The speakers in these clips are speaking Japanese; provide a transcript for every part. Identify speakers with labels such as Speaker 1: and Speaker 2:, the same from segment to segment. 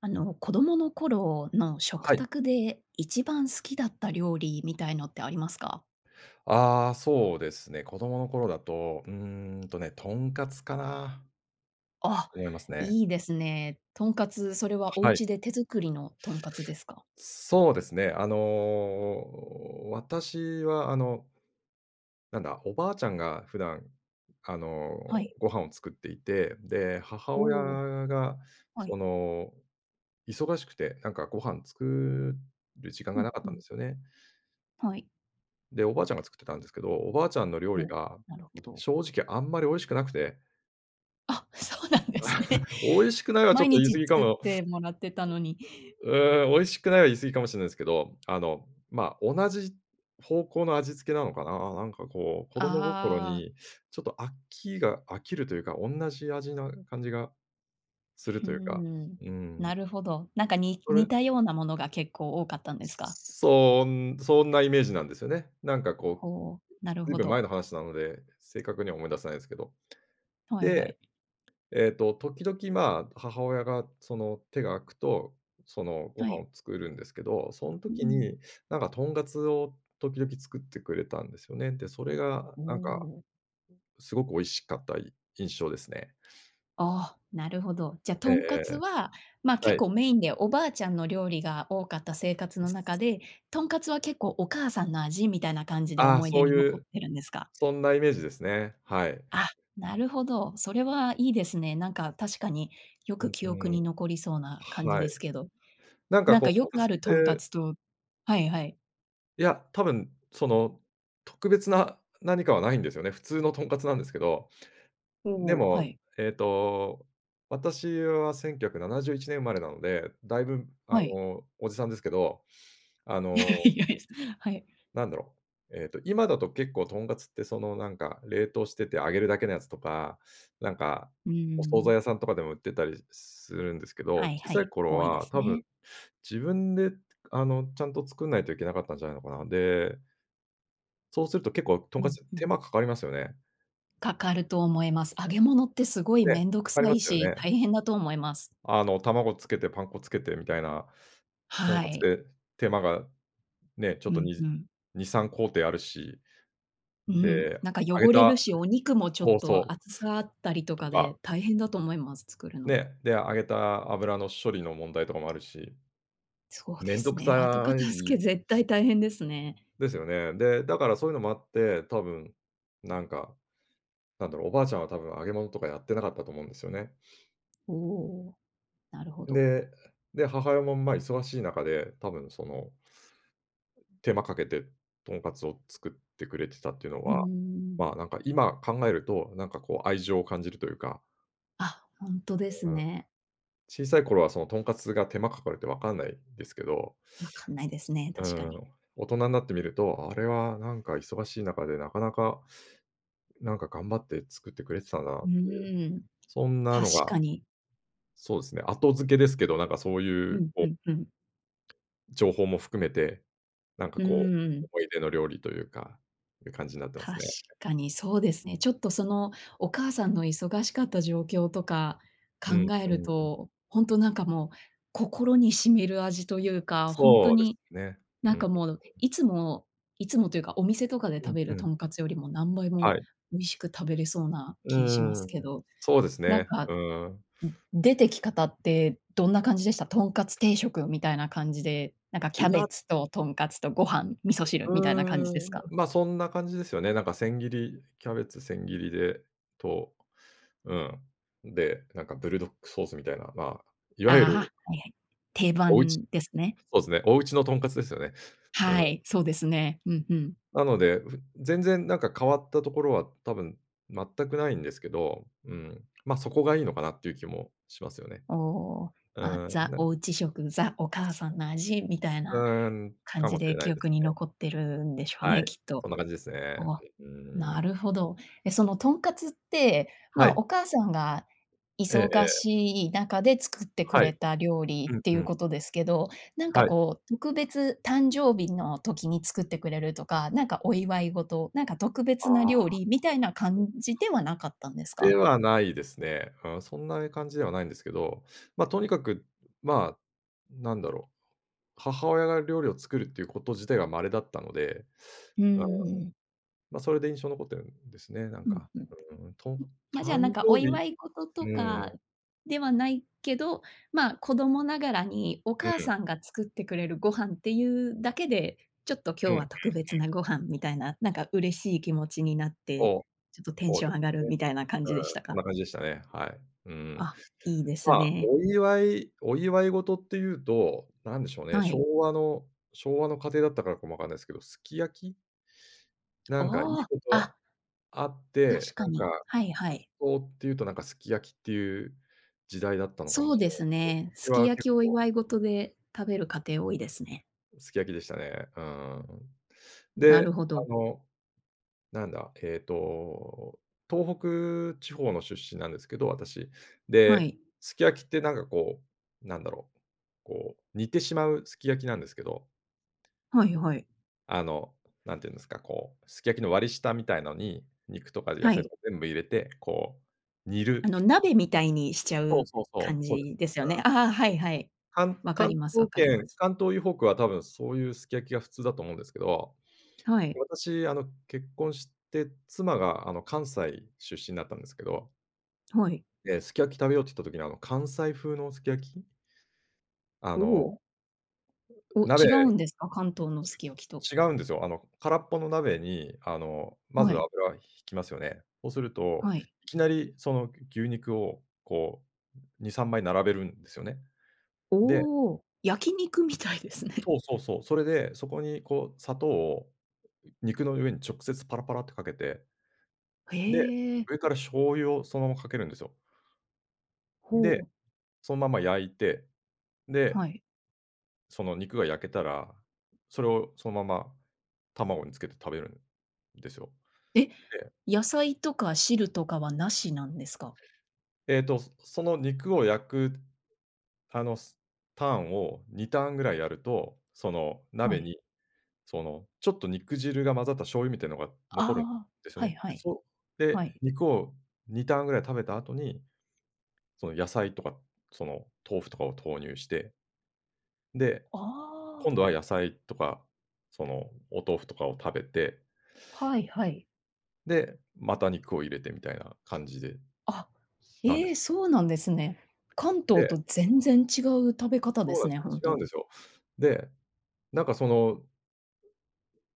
Speaker 1: あの、子供の頃の食
Speaker 2: はい。
Speaker 1: 卓で一番好きだった料理みたいのってありますか？
Speaker 2: ああ、そうですね。子供の頃だと、うんとね、とんかつかな。
Speaker 1: あ、
Speaker 2: 思いますね。
Speaker 1: いいですね。とんかつ、それはお
Speaker 2: はい。
Speaker 1: 家で手作りのとんかつですか？
Speaker 2: そうですね。あの、私はあの、なんだ、おばあちゃんが普段、あの、
Speaker 1: はい。
Speaker 2: ご飯を作っていて、で、母
Speaker 1: ほお。
Speaker 2: 親が
Speaker 1: は
Speaker 2: そ
Speaker 1: い。
Speaker 2: の、忙しくて、なんかご飯作る時間
Speaker 1: う
Speaker 2: が
Speaker 1: ん
Speaker 2: なかっ
Speaker 1: う
Speaker 2: たんで
Speaker 1: ん。
Speaker 2: すよね。
Speaker 1: はい。
Speaker 2: で、おばあちゃんが作ってたんですけど、おばあちゃんの料理
Speaker 1: お、
Speaker 2: が、
Speaker 1: なるほど。
Speaker 2: 正直あんまり美味しくなくて。
Speaker 1: あ、そうなんですね。
Speaker 2: 美味しくないはちょっ
Speaker 1: 毎
Speaker 2: と言い過
Speaker 1: 日
Speaker 2: ぎか
Speaker 1: 作っ
Speaker 2: も
Speaker 1: てもらってたのに。
Speaker 2: うううーん美味しくないは言い過ぎかもしんないんですけど、あの、ま、同じ方向の味付けなのかな。なんかこう、子供心
Speaker 1: ああ。
Speaker 2: にちょっと飽きが飽きるというか、おんなじ味な感じがする
Speaker 1: うー
Speaker 2: というか、
Speaker 1: ん。
Speaker 2: うん。
Speaker 1: なるほど。なんか、に
Speaker 2: そ
Speaker 1: 似
Speaker 2: れ
Speaker 1: たようなものが結構多かったんですか？
Speaker 2: そんそんなイメージなんですよね。なんかこ
Speaker 1: ほう、なる
Speaker 2: う、ずい
Speaker 1: ほ
Speaker 2: ぶん前
Speaker 1: ど。
Speaker 2: の話なので、正確には思い出せないですけど。
Speaker 1: はいは
Speaker 2: で、
Speaker 1: い。
Speaker 2: えっと時々、ま、母親がその手が空くと、そのご
Speaker 1: は
Speaker 2: 飯
Speaker 1: い。
Speaker 2: を作るんですけど、そん
Speaker 1: う
Speaker 2: 時に
Speaker 1: ん。
Speaker 2: なんかとんかつを時々作ってくれたんですよね。で、それが
Speaker 1: お
Speaker 2: なんか
Speaker 1: お。
Speaker 2: すごく美味しかったい印象ですね。
Speaker 1: あ、なるほど。じゃ、と
Speaker 2: ええ
Speaker 1: んか
Speaker 2: え
Speaker 1: つ
Speaker 2: え。
Speaker 1: は、ま、
Speaker 2: は
Speaker 1: 結
Speaker 2: い。
Speaker 1: 構メインでおばあちゃんの料理が多かった生活の中で、とんかつは結構お母さんの味みたいな感じで
Speaker 2: ああ、
Speaker 1: 思い出
Speaker 2: そ
Speaker 1: に
Speaker 2: うい
Speaker 1: 残っ
Speaker 2: う
Speaker 1: てるんですか？
Speaker 2: そんなイメージですね。はい。
Speaker 1: あ、なるほど。それはいいですね。なんか確かによ
Speaker 2: う
Speaker 1: く記憶
Speaker 2: んう
Speaker 1: に
Speaker 2: ん。
Speaker 1: 残りそうな感じ
Speaker 2: は
Speaker 1: で
Speaker 2: い。
Speaker 1: すけど、
Speaker 2: なんか
Speaker 1: なんか
Speaker 2: こう、と
Speaker 1: よ
Speaker 2: んか
Speaker 1: く
Speaker 2: つっ
Speaker 1: あるとんか
Speaker 2: て
Speaker 1: つとはいはい。
Speaker 2: いや、多分、その、特別な何かはないんですよね。普通のとんかつなんですけど。で
Speaker 1: おお。は
Speaker 2: も、
Speaker 1: い。
Speaker 2: ええと、私は1971年生まれなので、だいぶ、あ
Speaker 1: はい。
Speaker 2: の、おじさんですけど、あ
Speaker 1: いや
Speaker 2: の。
Speaker 1: いや、はい。
Speaker 2: なんだろう。ええと、今だと結構とんかつって、その、なんか、冷凍してて揚げるだけのやつとか、なんか、
Speaker 1: うー
Speaker 2: お惣菜
Speaker 1: ん。
Speaker 2: 屋さんとかでも売ってたりするんですけ
Speaker 1: は
Speaker 2: ど、
Speaker 1: い
Speaker 2: 小
Speaker 1: は
Speaker 2: さい
Speaker 1: い、
Speaker 2: 頃
Speaker 1: 多いで
Speaker 2: は
Speaker 1: す
Speaker 2: 多分、
Speaker 1: ね。
Speaker 2: 自分で、あの、ちゃんと作んないといけなかったんじゃないのかな。でそうすると、結構、とん
Speaker 1: う
Speaker 2: か
Speaker 1: ん
Speaker 2: つ、
Speaker 1: う
Speaker 2: 手
Speaker 1: ん。
Speaker 2: 間かかりますよね。
Speaker 1: かかると思います。揚げ物ってすごい
Speaker 2: ね、か
Speaker 1: めんどく
Speaker 2: かり
Speaker 1: さ
Speaker 2: ま
Speaker 1: い
Speaker 2: すよ
Speaker 1: し、
Speaker 2: ね。
Speaker 1: 大変だと思います。
Speaker 2: あの卵つけて、パン粉つけてみたいな。とん
Speaker 1: は
Speaker 2: かつ
Speaker 1: い。
Speaker 2: で手間が、ね、ちょ
Speaker 1: う
Speaker 2: っと、
Speaker 1: ん
Speaker 2: に
Speaker 1: うん。
Speaker 2: 2、3工程あるし、
Speaker 1: うん、
Speaker 2: で、
Speaker 1: なんか
Speaker 2: 揚げ
Speaker 1: 汚れる
Speaker 2: た
Speaker 1: し、お肉もちょっ
Speaker 2: そうそう。
Speaker 1: と厚さあったりと
Speaker 2: と
Speaker 1: か
Speaker 2: か。
Speaker 1: で、大変だと思います、作るの。
Speaker 2: ね、で揚げた油の処理の問題とかもあるし。
Speaker 1: そうで
Speaker 2: めん
Speaker 1: す
Speaker 2: どく
Speaker 1: ね。後
Speaker 2: さ
Speaker 1: 片付け
Speaker 2: い、
Speaker 1: 絶対大変ですね。
Speaker 2: すよね。で、だからそういうのもあって、多分、なんか、なんだろう、おばあちゃんは多分、揚げ物とかやってなかったと思うんですよね。
Speaker 1: おお、なるほど。
Speaker 2: で、で母親もま忙しい中で、多分その手間かけて、とんかつを作ってくれてたっていうの
Speaker 1: うんう
Speaker 2: は、
Speaker 1: んうん。
Speaker 2: ま、なんか今考えると、なんかこう愛情を感じるというか。
Speaker 1: あ、ほんとです
Speaker 2: うん。
Speaker 1: ね。
Speaker 2: 小さい頃はそのとんかつが手間かかるって分かんないですけど。
Speaker 1: 分かんないですね、
Speaker 2: う
Speaker 1: 確か
Speaker 2: ん、
Speaker 1: に。
Speaker 2: 大人になってみると、あれはなんか忙しい中でなかなか、なんか頑張って作ってくれてたな
Speaker 1: う
Speaker 2: っていう
Speaker 1: ーん、
Speaker 2: そんな
Speaker 1: 確
Speaker 2: の
Speaker 1: か
Speaker 2: が
Speaker 1: に。
Speaker 2: そうですね。後付けですけど、なんかそうい
Speaker 1: う
Speaker 2: う、
Speaker 1: ん、
Speaker 2: こ
Speaker 1: う
Speaker 2: う
Speaker 1: ん、うん。
Speaker 2: 情報も含めて、なんか
Speaker 1: うー
Speaker 2: こ
Speaker 1: ん、うんう
Speaker 2: う、
Speaker 1: ん。
Speaker 2: 思い出の料理というかいう感じになってま
Speaker 1: 確
Speaker 2: すねえ。
Speaker 1: かにそうですね。ちょっとそのお母さんの忙しかった状況とか
Speaker 2: うん、
Speaker 1: 考え
Speaker 2: うん
Speaker 1: る
Speaker 2: うん。
Speaker 1: と、ほんとなんかもう心に染みる味というか。ほんと
Speaker 2: そうです
Speaker 1: に
Speaker 2: ね。
Speaker 1: な
Speaker 2: う
Speaker 1: ん
Speaker 2: ん。
Speaker 1: かもういつもいつもというか、お店とかで
Speaker 2: う
Speaker 1: 食
Speaker 2: ん、
Speaker 1: べ
Speaker 2: う
Speaker 1: ると
Speaker 2: ん。
Speaker 1: んかつよりも何倍
Speaker 2: は
Speaker 1: も
Speaker 2: い。
Speaker 1: 美味しく食べれそうな
Speaker 2: う
Speaker 1: 気しま
Speaker 2: ー
Speaker 1: すけ
Speaker 2: ん。
Speaker 1: ど。
Speaker 2: そうです
Speaker 1: なん
Speaker 2: ね、
Speaker 1: か、ん
Speaker 2: うん。
Speaker 1: 出てき方ってどんな感じでした？とんかつ定食みたいな感じで、なんかキ
Speaker 2: い
Speaker 1: ャベ
Speaker 2: や。
Speaker 1: ツととんかつとご飯、味噌汁みたいな感じで
Speaker 2: うー
Speaker 1: す
Speaker 2: ん。
Speaker 1: か？
Speaker 2: ま、そんな感じですよね。なんか千切りキャベツ千切りで、とうん、で、なんかブルドッグソースみたいな、ま、い
Speaker 1: ああ、
Speaker 2: わゆ
Speaker 1: は
Speaker 2: る
Speaker 1: はいはい、定
Speaker 2: おうち
Speaker 1: 番ですね。
Speaker 2: そうですね、おうちのとんかつですよね。うん。
Speaker 1: はい、そうですね。うんうん。
Speaker 2: なので、ふ全然なんか変わったところは多分全くないんですけど。うん、ま、そこがいいのかなっていう気もしますよね。
Speaker 1: おお。
Speaker 2: う
Speaker 1: ま、
Speaker 2: ん、
Speaker 1: ザ、
Speaker 2: ね。
Speaker 1: お家食、ザ、お母さんの味みたい
Speaker 2: う
Speaker 1: な
Speaker 2: ーん、
Speaker 1: 感
Speaker 2: か
Speaker 1: じ
Speaker 2: もし
Speaker 1: で
Speaker 2: れな
Speaker 1: 記
Speaker 2: いで
Speaker 1: 憶
Speaker 2: す
Speaker 1: に
Speaker 2: ね。
Speaker 1: 残ってるんでしょう
Speaker 2: は
Speaker 1: ね、
Speaker 2: い、
Speaker 1: きっと。
Speaker 2: そんな感じですね。
Speaker 1: おお、
Speaker 2: うー
Speaker 1: な
Speaker 2: ん。
Speaker 1: るほど。え、そのとんかつって、ま
Speaker 2: は
Speaker 1: あ
Speaker 2: い。
Speaker 1: お母さんが
Speaker 2: えええ
Speaker 1: 忙
Speaker 2: え。
Speaker 1: しい中で作ってく
Speaker 2: はい。
Speaker 1: れた料理
Speaker 2: うん、
Speaker 1: ってい
Speaker 2: う
Speaker 1: う
Speaker 2: ん。
Speaker 1: ことですけど、なんか
Speaker 2: はい。
Speaker 1: こう特別誕生日の時に作ってくれるとか、なんかお祝い事、なんか特
Speaker 2: ああ
Speaker 1: 別な
Speaker 2: [unintelligible] は。
Speaker 1: 料理みたいな感じではなかったんです
Speaker 2: で
Speaker 1: か？
Speaker 2: はないですね。うん、そんな感じではないんですけど、まあとにかく、まあ、なんだろう。母親が料理を作るっていうこと自体が稀だったので。
Speaker 1: うんう
Speaker 2: ああ。
Speaker 1: んうん。
Speaker 2: まあ、それで印象に残ってるんですね、なん
Speaker 1: うん、
Speaker 2: か。
Speaker 1: うん。ん、
Speaker 2: うーんと、
Speaker 1: ま、じゃあなん
Speaker 2: 誕
Speaker 1: かお
Speaker 2: 生日
Speaker 1: 祝い事と
Speaker 2: う
Speaker 1: か
Speaker 2: ん。
Speaker 1: ではないけど、まあ子供ながらにお
Speaker 2: う
Speaker 1: 母
Speaker 2: ん。
Speaker 1: さんが作ってくれるご飯っていうだけで、ちょっと
Speaker 2: う
Speaker 1: 今
Speaker 2: ん、
Speaker 1: 日
Speaker 2: うん、う
Speaker 1: は
Speaker 2: ん。
Speaker 1: 特別なご飯みたいな、なんか嬉しい気持ちになって、
Speaker 2: おお、
Speaker 1: ちょっとテン
Speaker 2: そう
Speaker 1: ショ
Speaker 2: で
Speaker 1: ン上がる
Speaker 2: すね。
Speaker 1: みたいな感じでし
Speaker 2: うん、
Speaker 1: た
Speaker 2: そん
Speaker 1: か？
Speaker 2: な感じでしたね、はい。うん。
Speaker 1: あ、いいです
Speaker 2: まあ、
Speaker 1: ね。
Speaker 2: お祝いお祝い事っていうと、なんでしょうね。
Speaker 1: は
Speaker 2: 昭
Speaker 1: い。
Speaker 2: 和の昭和の家庭だったからかも分かんないですけど、すき焼き。なんかい
Speaker 1: おお。
Speaker 2: いこと
Speaker 1: あ。
Speaker 2: あっ
Speaker 1: 確
Speaker 2: て。
Speaker 1: か
Speaker 2: なん
Speaker 1: に。
Speaker 2: か
Speaker 1: はいはい。
Speaker 2: ここっていうとなんかすき焼きっていう時代だったのか
Speaker 1: そ
Speaker 2: も
Speaker 1: う
Speaker 2: しれ
Speaker 1: で
Speaker 2: ない
Speaker 1: す
Speaker 2: けど、
Speaker 1: ね。
Speaker 2: そ
Speaker 1: す
Speaker 2: れ
Speaker 1: き
Speaker 2: は
Speaker 1: 焼
Speaker 2: 結
Speaker 1: きお
Speaker 2: 構
Speaker 1: 祝い事で食べる家庭多いですね。
Speaker 2: すき焼きでしたね、うん。
Speaker 1: ん、な
Speaker 2: で、
Speaker 1: るほ
Speaker 2: あ
Speaker 1: ど。
Speaker 2: の、なんだ、えっと、東北地方の出身なんですけど、私。
Speaker 1: は
Speaker 2: で、
Speaker 1: い。
Speaker 2: すき焼きってなんかこう、なんだろう、こう、煮てしまうすき焼きなんですけど。
Speaker 1: はいはい。
Speaker 2: あの、なんていうんですか、こう、すき焼きの割り下みたいのに、肉とかで野
Speaker 1: は
Speaker 2: 菜
Speaker 1: い。
Speaker 2: とか全部入れて、こう、煮
Speaker 1: あ
Speaker 2: る。
Speaker 1: の鍋みたいにしちゃ
Speaker 2: そう
Speaker 1: う
Speaker 2: そうそ
Speaker 1: 感
Speaker 2: う、そうです。
Speaker 1: じですよ
Speaker 2: うん。
Speaker 1: ね。
Speaker 2: で、
Speaker 1: ああ、はいはい。
Speaker 2: かん
Speaker 1: 分か
Speaker 2: 関
Speaker 1: ります
Speaker 2: 東
Speaker 1: 分かります。
Speaker 2: 圏、関東以北は多分そういうすき焼きが普通だと思うんですけど、
Speaker 1: はい。
Speaker 2: 私、あの結婚して、妻があの関西出身だったんですけど。
Speaker 1: はい。
Speaker 2: え、すき焼き食べようっつった時に、あの関西風のすき焼き？あ
Speaker 1: お
Speaker 2: の
Speaker 1: お。お、
Speaker 2: 鍋、
Speaker 1: 違うんですか？関東のすき焼きと。
Speaker 2: ち違うんですよ。あの、空っぽの鍋に、あの、ま
Speaker 1: は
Speaker 2: ず
Speaker 1: い。
Speaker 2: 油ひきますよね。そうすると、
Speaker 1: はい。
Speaker 2: いきなり、その、牛肉をこう2、3枚並べるんですよね。で
Speaker 1: おお、焼き肉みたいですね。
Speaker 2: そうそうそう。それで、そこに、こう、砂糖を、い肉の上に直接パラパラってかけてで、
Speaker 1: へえ。
Speaker 2: 上から醤油をそのままかけるんですよ。
Speaker 1: ほ
Speaker 2: で、
Speaker 1: う。
Speaker 2: そのまま焼いて。で、
Speaker 1: はい。
Speaker 2: その肉が焼けたら、それをそのまま卵につけて食べるんですよ。
Speaker 1: え、
Speaker 2: で
Speaker 1: 野菜とか汁とかは無しなんですか？
Speaker 2: えっと、そその肉を焼く、あのすターンを2ターンぐらいやると、その、
Speaker 1: は
Speaker 2: 鍋
Speaker 1: い。
Speaker 2: に、その、ちょっと肉汁が混ざった醤油みたいのが
Speaker 1: あ
Speaker 2: 残るん
Speaker 1: あ、
Speaker 2: ですよ
Speaker 1: は
Speaker 2: ね。
Speaker 1: い
Speaker 2: で、
Speaker 1: はい。
Speaker 2: そう、
Speaker 1: は
Speaker 2: で、
Speaker 1: い。
Speaker 2: 肉を2ターンぐらい食べた後に、その野菜とか、その、豆腐とかを投入してで、
Speaker 1: ああ。
Speaker 2: 今度は野菜とか、その、お豆腐とかを食べて。
Speaker 1: はいはい。
Speaker 2: で、また肉を入れてみたいな感じで
Speaker 1: あ、
Speaker 2: なんで
Speaker 1: え
Speaker 2: す。
Speaker 1: え、そうなんですね。関東
Speaker 2: で
Speaker 1: と全然違う食べ方で
Speaker 2: そう
Speaker 1: す
Speaker 2: なんで
Speaker 1: ね、ほ
Speaker 2: す
Speaker 1: ん
Speaker 2: よ。違うん
Speaker 1: と。
Speaker 2: ですよ。で、なんかその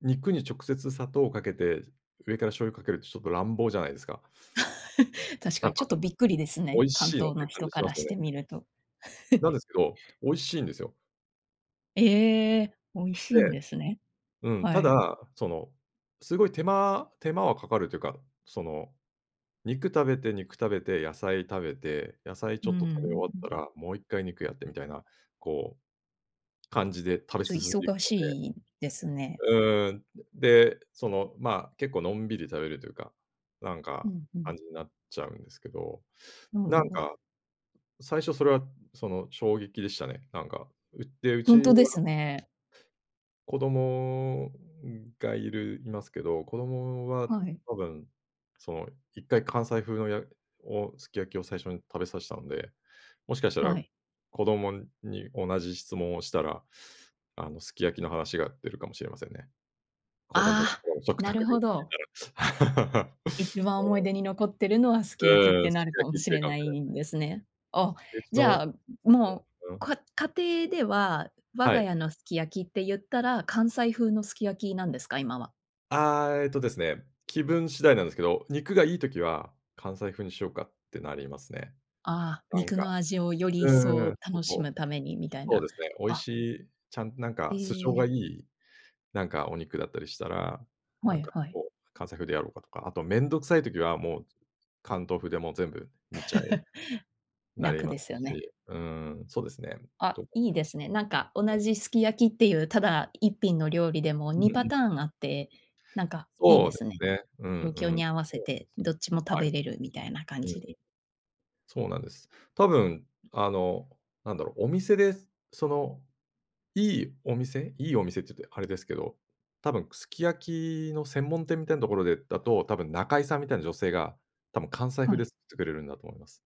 Speaker 2: 肉に直接砂糖をかけて、上から醤油をかけるとちょっと乱暴じゃないですか。
Speaker 1: 確
Speaker 2: な
Speaker 1: か
Speaker 2: ん
Speaker 1: にちょ
Speaker 2: か
Speaker 1: っとびっくりです
Speaker 2: 「美
Speaker 1: ね、
Speaker 2: 味
Speaker 1: 関
Speaker 2: しいの？」っ
Speaker 1: 東
Speaker 2: て
Speaker 1: の
Speaker 2: 感
Speaker 1: 人
Speaker 2: じし
Speaker 1: か
Speaker 2: ま
Speaker 1: ら
Speaker 2: すよ
Speaker 1: し
Speaker 2: ね。
Speaker 1: てみると。
Speaker 2: なんですけ ど、美味しいんですよ。
Speaker 1: ええ、美味しいん
Speaker 2: で
Speaker 1: ですね。
Speaker 2: うん、
Speaker 1: は
Speaker 2: た
Speaker 1: い。
Speaker 2: だ、そのすごい手間手間はかかるというか、その肉食べて肉食べて、野菜食べて、野菜ち
Speaker 1: う
Speaker 2: ょっと食
Speaker 1: ん、
Speaker 2: べ終わっ
Speaker 1: ん。
Speaker 2: たら、もう1回やってみたいな、こう、感じで食べ
Speaker 1: ちょ
Speaker 2: 進ん
Speaker 1: っ
Speaker 2: でいく
Speaker 1: 忙
Speaker 2: の
Speaker 1: し
Speaker 2: で
Speaker 1: いんですね。
Speaker 2: うん、で、その、ま、結構のんびり食べるというか、なん
Speaker 1: う
Speaker 2: か
Speaker 1: ん、う
Speaker 2: 感
Speaker 1: ん。
Speaker 2: じになっちゃうんですけど、
Speaker 1: う
Speaker 2: な
Speaker 1: んう
Speaker 2: ん
Speaker 1: ん、ん。
Speaker 2: か、最初それはその衝撃でしたね。なんか。うで、う
Speaker 1: ほん
Speaker 2: ち
Speaker 1: とで
Speaker 2: は
Speaker 1: すね。
Speaker 2: 子供がいるいますけど、子供は
Speaker 1: はい。
Speaker 2: 多分その一回、関西風のやをすき焼きを最初に食べさしたので、もしかしたら
Speaker 1: はい。
Speaker 2: 子供に同じ質問をしたら、あのすき焼きの話が出るかもしれませんね。子供の
Speaker 1: ああ、
Speaker 2: 食
Speaker 1: な
Speaker 2: 卓
Speaker 1: る
Speaker 2: で
Speaker 1: ほど。
Speaker 2: 聞いたら
Speaker 1: 一 番
Speaker 2: う
Speaker 1: 思い
Speaker 2: ん。
Speaker 1: 出に残っているのは、すき焼きっ
Speaker 2: うん、
Speaker 1: て
Speaker 2: す
Speaker 1: な
Speaker 2: き
Speaker 1: るか
Speaker 2: 焼
Speaker 1: も
Speaker 2: きっ
Speaker 1: し
Speaker 2: て
Speaker 1: れ
Speaker 2: か
Speaker 1: ない
Speaker 2: く
Speaker 1: んですね。お、
Speaker 2: 別
Speaker 1: じゃ
Speaker 2: の
Speaker 1: あ、も
Speaker 2: うん、う
Speaker 1: う、
Speaker 2: ん。
Speaker 1: か家庭では我
Speaker 2: は
Speaker 1: が
Speaker 2: い。
Speaker 1: 家のすき焼きって言ったら、関西風のすき焼きなんですか？今は。
Speaker 2: ああ、えっとですね、気分次第なんですけど、肉がいい時は関西風にしようかってなりますね。
Speaker 1: あ、
Speaker 2: なん
Speaker 1: 肉
Speaker 2: か
Speaker 1: の味をより一
Speaker 2: うー
Speaker 1: 層
Speaker 2: ん、そう
Speaker 1: 楽
Speaker 2: そ
Speaker 1: し
Speaker 2: う。
Speaker 1: むためにみたい
Speaker 2: そう
Speaker 1: な、
Speaker 2: ですね、美味
Speaker 1: あ
Speaker 2: しい、ちゃんなんか素性
Speaker 1: え
Speaker 2: が
Speaker 1: え。
Speaker 2: いい、なんかお肉だったりしたら、
Speaker 1: は
Speaker 2: なん
Speaker 1: い
Speaker 2: か
Speaker 1: はい。
Speaker 2: こう、関西風でやろうかとか、あと、めんどくさい時はもう、関東風でもう、全部煮ちゃえ。なり
Speaker 1: 楽
Speaker 2: ま
Speaker 1: で
Speaker 2: す
Speaker 1: すよね。
Speaker 2: し、うん、そうですね、
Speaker 1: あ、
Speaker 2: と
Speaker 1: いいですね。なんか同 じすき焼きっていう、ただ一品の料理でも
Speaker 2: う
Speaker 1: に
Speaker 2: んう
Speaker 1: パ
Speaker 2: ん。
Speaker 1: ターンあって、なんかいい
Speaker 2: そ
Speaker 1: で
Speaker 2: うで
Speaker 1: す
Speaker 2: す
Speaker 1: ね。
Speaker 2: ね、うん
Speaker 1: 状
Speaker 2: う
Speaker 1: 況
Speaker 2: ん。そうなんで
Speaker 1: に
Speaker 2: す
Speaker 1: 合わせ
Speaker 2: よ。
Speaker 1: てどっちも食
Speaker 2: はい。
Speaker 1: べれるみたいな感
Speaker 2: うんうん。
Speaker 1: じで。
Speaker 2: そうなんです。多分あの、なんだろう、お店でそのいいお店いいお店って言うとあれですけど、多分すき焼きの専門店みたいなところでだと、多分中居さんみたいな女性が、多分関西風
Speaker 1: は
Speaker 2: で
Speaker 1: い。
Speaker 2: 作ってくれるんだと思います。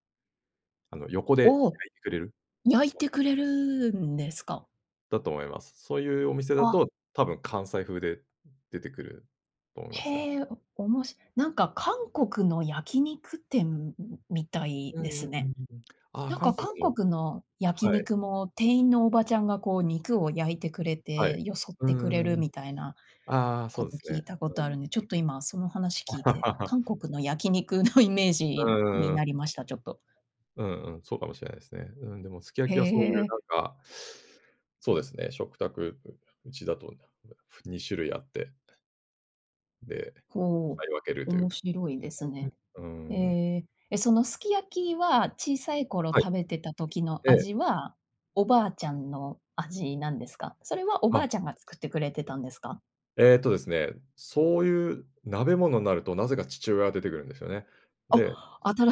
Speaker 2: あの、横で焼い
Speaker 1: おお、
Speaker 2: てくれる。
Speaker 1: 焼い
Speaker 2: そう。
Speaker 1: てくれるんですか？
Speaker 2: だと思います。そういうお店だ
Speaker 1: あ。
Speaker 2: と、多分関西風で出てくると思いますね。
Speaker 1: へえ、おおもしなんか韓国の焼き肉店みたい
Speaker 2: うん
Speaker 1: で
Speaker 2: う
Speaker 1: す
Speaker 2: んう
Speaker 1: ね。
Speaker 2: んうん。ああ、
Speaker 1: なんか
Speaker 2: 韓
Speaker 1: 韓
Speaker 2: 国の
Speaker 1: 国の焼き
Speaker 2: はい。
Speaker 1: 肉も店員のおばちゃんがこう、肉を焼いてくれ
Speaker 2: はい。
Speaker 1: て、よそっ
Speaker 2: う
Speaker 1: てく
Speaker 2: ん
Speaker 1: れ
Speaker 2: う
Speaker 1: る
Speaker 2: ん。
Speaker 1: みたいな
Speaker 2: ああ、そ
Speaker 1: こ
Speaker 2: うで
Speaker 1: と
Speaker 2: す
Speaker 1: 聞
Speaker 2: ね。
Speaker 1: いたこ
Speaker 2: う
Speaker 1: とある
Speaker 2: ん。
Speaker 1: んで、ちょっと今その話聞いて、韓国の焼き肉のイメー
Speaker 2: う
Speaker 1: ジ
Speaker 2: ー
Speaker 1: に
Speaker 2: んうん。
Speaker 1: なりました、ちょっと。
Speaker 2: うんうん、そうかもしれないですね。うん、でもすき焼
Speaker 1: へ
Speaker 2: きはそういう
Speaker 1: え。
Speaker 2: なんか、そうですね、食卓、ううちだと、ふ、2種類あってで、
Speaker 1: ほう、
Speaker 2: 使い分けるという。
Speaker 1: 面白いです ね。
Speaker 2: う
Speaker 1: え
Speaker 2: ん。
Speaker 1: え、え、そのすき焼きは小さい頃
Speaker 2: はい。
Speaker 1: 食べてた時の
Speaker 2: ええ。
Speaker 1: 味は、おばあちゃんの味なんですか？それはお
Speaker 2: あ。
Speaker 1: ばあちゃんが作ってくれてたんですか？
Speaker 2: えっとですね、そういう鍋物なるとなぜか父親が出てくるんですよね。
Speaker 1: あ、
Speaker 2: で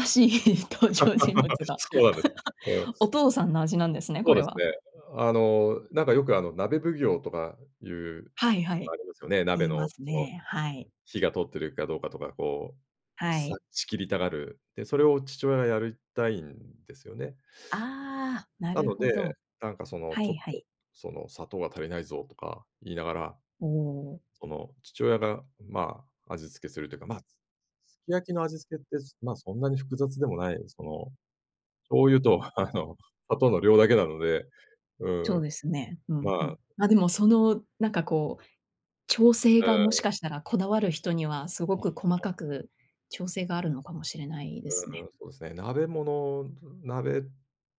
Speaker 1: 新しい登場人物 が。
Speaker 2: そうなんですそうなんで す。
Speaker 1: お父さんの味なんですね、
Speaker 2: そ
Speaker 1: こ
Speaker 2: う
Speaker 1: れ
Speaker 2: です
Speaker 1: は。
Speaker 2: ね、あの、なんかよくあの鍋奉行とかいう
Speaker 1: はいはい、
Speaker 2: ありますよね。
Speaker 1: い
Speaker 2: 鍋
Speaker 1: いま
Speaker 2: の
Speaker 1: す
Speaker 2: その、
Speaker 1: ね、はい。
Speaker 2: 火が通ってるかどうかとか、こう、
Speaker 1: は
Speaker 2: さ
Speaker 1: い。
Speaker 2: 仕切りたがる。で、それを父親がやりたいんですよね。
Speaker 1: ああ、な
Speaker 2: な
Speaker 1: る
Speaker 2: の
Speaker 1: ほ
Speaker 2: で、
Speaker 1: ど。
Speaker 2: なんかその
Speaker 1: は
Speaker 2: ちょ
Speaker 1: い
Speaker 2: っ
Speaker 1: はい。
Speaker 2: と、その「砂糖が足りないぞ」とかいいながら
Speaker 1: おお。
Speaker 2: その父親がまあ味付けするというか、ま、すき焼きの味付けって、すまそんなに複雑でもない、その、醤油とあの砂糖の量だけなので、う
Speaker 1: そ
Speaker 2: ん。
Speaker 1: うですね。うん、ふ
Speaker 2: ま
Speaker 1: ん。
Speaker 2: あ。
Speaker 1: までもそのなんかこう、調整
Speaker 2: う
Speaker 1: がもし
Speaker 2: ん。
Speaker 1: かしたらこだわる人にはすご
Speaker 2: うん、そう
Speaker 1: く細か
Speaker 2: そう。
Speaker 1: く調整があるのかもしれないです
Speaker 2: うー
Speaker 1: ね。
Speaker 2: ん、そうですね、鍋物鍋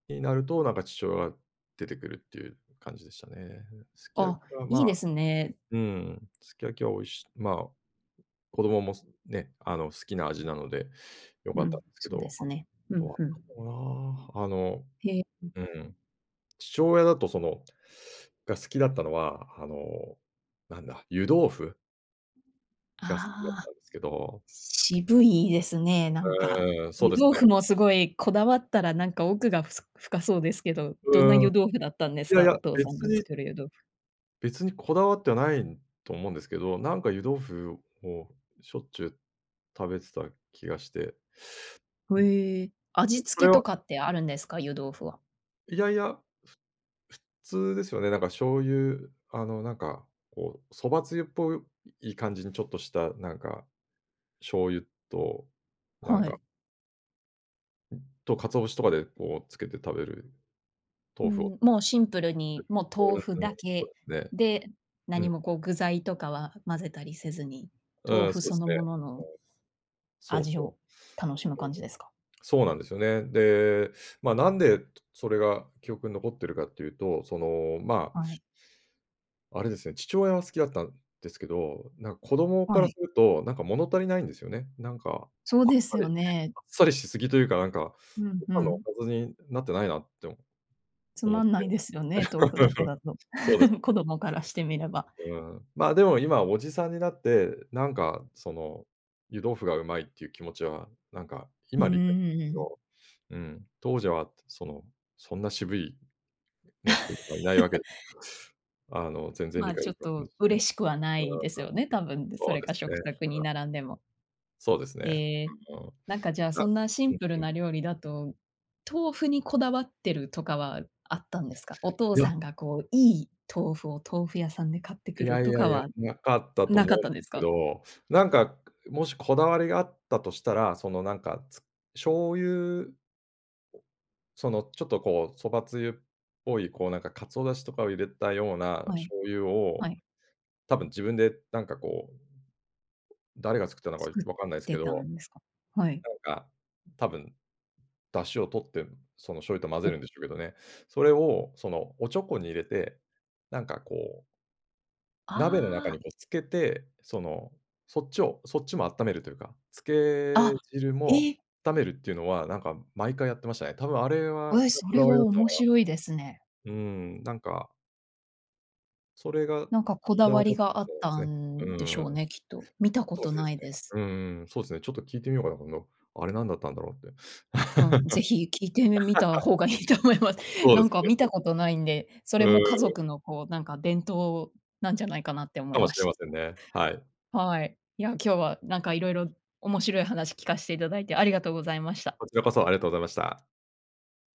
Speaker 2: になると、なんか父親が出てくるっていう感じでしたね。すき焼き
Speaker 1: あ、
Speaker 2: はま、
Speaker 1: いい
Speaker 2: う
Speaker 1: ですね。
Speaker 2: ーん、すき焼きは美味しまあ、子供もすね、あの好きな味なので、良
Speaker 1: う
Speaker 2: かったん
Speaker 1: ん、
Speaker 2: ですけ
Speaker 1: そうで
Speaker 2: ど、あ
Speaker 1: すね。ふ
Speaker 2: と
Speaker 1: ん
Speaker 2: は、
Speaker 1: ふん。
Speaker 2: あとは、あの、
Speaker 1: へえ。
Speaker 2: うん。父親だとそのが好きだったのは、あの、なんだ？湯豆腐。が好きだっ
Speaker 1: ああ。
Speaker 2: たんですけど。
Speaker 1: 渋いですね、なんか。
Speaker 2: ああ、そう
Speaker 1: 湯
Speaker 2: です
Speaker 1: 豆
Speaker 2: ね。
Speaker 1: 腐もすごいこだわったら、なんか奥がふさ深そうですけど、どんな
Speaker 2: うん。
Speaker 1: 湯豆腐だったんです
Speaker 2: いやい
Speaker 1: か？
Speaker 2: や、
Speaker 1: お父さん
Speaker 2: 別
Speaker 1: の
Speaker 2: に
Speaker 1: 作る湯豆腐。
Speaker 2: 別にこだわってはないと思うんですけど、なんか湯豆腐をしょっちゅう食べてた気がして。うん、で、
Speaker 1: ふえ。味
Speaker 2: そ
Speaker 1: 付け
Speaker 2: れ
Speaker 1: と
Speaker 2: を
Speaker 1: かってあるんですか？湯豆腐は。
Speaker 2: いやいや、ふ普通ですよね。なんか醤油、あのなんか、こう、そばつゆっぽい感じにちょっとした、なんか、醤油と、なん
Speaker 1: は
Speaker 2: か
Speaker 1: い。
Speaker 2: うん、と鰹節とかで、こうつけて食べる、
Speaker 1: う
Speaker 2: 豆腐を。
Speaker 1: ん、もうシンプルに、もう
Speaker 2: う
Speaker 1: 豆腐
Speaker 2: んうん、
Speaker 1: だ
Speaker 2: そう
Speaker 1: け
Speaker 2: ですね。
Speaker 1: で、
Speaker 2: う
Speaker 1: 何
Speaker 2: ん。
Speaker 1: もこう具材とかは混ぜたりせずに、豆
Speaker 2: うん、そ
Speaker 1: 腐
Speaker 2: うで
Speaker 1: そ
Speaker 2: す
Speaker 1: の
Speaker 2: ね。う
Speaker 1: ものの
Speaker 2: ん。そうそ
Speaker 1: 味
Speaker 2: う。
Speaker 1: を楽しむ
Speaker 2: うん、
Speaker 1: 感じですか？
Speaker 2: そうなんですよね。で、まあ、なんで、とそれが記憶に残っているかっていうと、その、ま
Speaker 1: は
Speaker 2: あ
Speaker 1: い。
Speaker 2: あれですね、父親は好きだったんですけど、なん、子供か
Speaker 1: は
Speaker 2: ら
Speaker 1: い。
Speaker 2: すると、なんか物足りないんですよね。なんか、
Speaker 1: そう
Speaker 2: あっ
Speaker 1: で
Speaker 2: さ
Speaker 1: す
Speaker 2: り
Speaker 1: よね。
Speaker 2: あっさりしすぎというか、なんか、
Speaker 1: うん、
Speaker 2: ご
Speaker 1: ふ
Speaker 2: 飯のお
Speaker 1: ん。
Speaker 2: かずになってないなってお
Speaker 1: つ
Speaker 2: 思っ
Speaker 1: ま
Speaker 2: て。
Speaker 1: んないですよね、豆腐だけ だと。
Speaker 2: そうです
Speaker 1: 子
Speaker 2: ね。
Speaker 1: 供からしてみれば。
Speaker 2: うん。まあでも、今おじさんになって、なんか、その、湯豆腐が美味いっていう気持ちは、なんか、
Speaker 1: う
Speaker 2: 今理解ですけ
Speaker 1: ーん。
Speaker 2: ど、うん、当時は、その、そんな渋い、ね、子供は居ないわけで あの、全然
Speaker 1: ま
Speaker 2: 理
Speaker 1: あ、
Speaker 2: 解
Speaker 1: ちょ
Speaker 2: 出来
Speaker 1: っ
Speaker 2: ません
Speaker 1: と、
Speaker 2: でしたけど。
Speaker 1: 嬉しくはない
Speaker 2: うん。
Speaker 1: ですよね、多分、で、そ
Speaker 2: そう
Speaker 1: れ
Speaker 2: で
Speaker 1: が
Speaker 2: すね、
Speaker 1: 食卓に
Speaker 2: うん。
Speaker 1: 並んでも。
Speaker 2: そうですね。
Speaker 1: へえ。
Speaker 2: うんうん。
Speaker 1: なんかじゃあ、そ
Speaker 2: あ
Speaker 1: んなシ
Speaker 2: う
Speaker 1: ン
Speaker 2: ん
Speaker 1: プル
Speaker 2: うん。
Speaker 1: な料理だと、豆腐にこだわってるとかはあったんですか？お父
Speaker 2: いや。
Speaker 1: さんがこう、いい豆腐を豆腐屋さんで買って
Speaker 2: い
Speaker 1: くる、
Speaker 2: やい
Speaker 1: と
Speaker 2: や
Speaker 1: か
Speaker 2: いや、
Speaker 1: は
Speaker 2: 無かったと
Speaker 1: な
Speaker 2: 思
Speaker 1: か
Speaker 2: う
Speaker 1: っ
Speaker 2: ん
Speaker 1: たん
Speaker 2: で
Speaker 1: です
Speaker 2: すけ
Speaker 1: か？
Speaker 2: ど、なんか、もしこだわりがあったとしたら、その、なんか、つ醤油そのちょっとこう、そばつゆっぽい、こうなんか鰹出汁とかを入れたような
Speaker 1: はい、
Speaker 2: 醤油
Speaker 1: は
Speaker 2: を、
Speaker 1: い。
Speaker 2: 多分自分で、なんかこう、誰が作ったのかい
Speaker 1: 作っ
Speaker 2: 分かんないすけ
Speaker 1: てた
Speaker 2: ど、
Speaker 1: んですか？はい。
Speaker 2: なんか、多分、出汁を取って、その醤油と混ぜ
Speaker 1: お。
Speaker 2: るんでしょうけどね。それを、その、おちょこに入れて、なんかこう鍋の中
Speaker 1: あ
Speaker 2: に
Speaker 1: あ。
Speaker 2: こう漬けて、その、そっちをそっちもあっためるというか、漬
Speaker 1: あ、
Speaker 2: け汁も、
Speaker 1: え。
Speaker 2: あっためるっていうのは、なんか毎回やってましたね。多分あれは
Speaker 1: うえ、そ
Speaker 2: こ
Speaker 1: れ
Speaker 2: だ
Speaker 1: は
Speaker 2: わりだとあ
Speaker 1: 面白いですね。
Speaker 2: うん、なんかそれが、こ
Speaker 1: なんかこだ
Speaker 2: だ
Speaker 1: わ
Speaker 2: わり
Speaker 1: り
Speaker 2: だと
Speaker 1: があっ
Speaker 2: す
Speaker 1: た
Speaker 2: ね。
Speaker 1: ん
Speaker 2: う
Speaker 1: でしょう
Speaker 2: ん。
Speaker 1: ね、きっと。見たこ と
Speaker 2: で
Speaker 1: な
Speaker 2: す
Speaker 1: い
Speaker 2: ね。
Speaker 1: です。
Speaker 2: うん、そうすね、ちょっと聞いてみようかな、今度。あれなんだったんだろうって。
Speaker 1: うん、ぜひ聞いてみみた方 がいいと思います。
Speaker 2: そう
Speaker 1: な
Speaker 2: で
Speaker 1: ん
Speaker 2: す
Speaker 1: か見た
Speaker 2: ね。
Speaker 1: ことないんで、そ
Speaker 2: う
Speaker 1: れも家
Speaker 2: ん。
Speaker 1: 族のこう、なんか伝統なんじゃないかなって思
Speaker 2: か
Speaker 1: い
Speaker 2: も
Speaker 1: ま
Speaker 2: し
Speaker 1: し
Speaker 2: れ
Speaker 1: た。
Speaker 2: ませんね、はい。
Speaker 1: はい。いや、今日は、なんか色々、面白い話聞かしていただいてありがとうございました。
Speaker 2: こちらこそありがとうございました。